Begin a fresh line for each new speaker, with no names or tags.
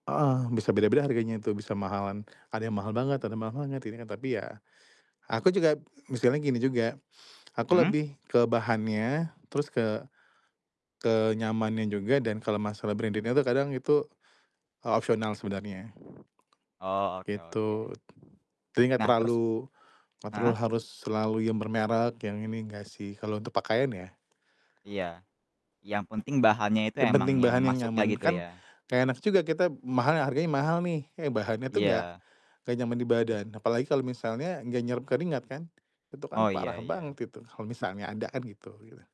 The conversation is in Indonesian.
Heeh. Bisa beda-beda harganya tuh bisa mahalan, ada yang mahal banget atau mahal banget ini tapi ya, aku juga misalnya gini juga, aku
Mhm.
lebih ke bahannya terus ke ke nyamannya juga dan kalau masalah branded-nya itu kadang itu o opsional sebenarnya,
Oh, oke oke.
gitu. Jadi enggak
Nah terus
terlalu kontrol
heeh.
harus selalu bermerek yang ini enggak sih, kalau untuk pakaian ya.
Iya. Yang penting bahannya itu
Yang
emang
penting
yang,
bahan yang
Mas suka
nyaman,
gitu
kan
ya?
gak enak juga kita mahal harganya mahal nih, eh bahannya tuh gak
Iya.
gak nyaman di badan. Apalagi kalau misalnya gak nyerep keringat kan, itu kan
Oh,
parah
iya iya.
banget itu kalau misalnya ada kan gitu gitu ya.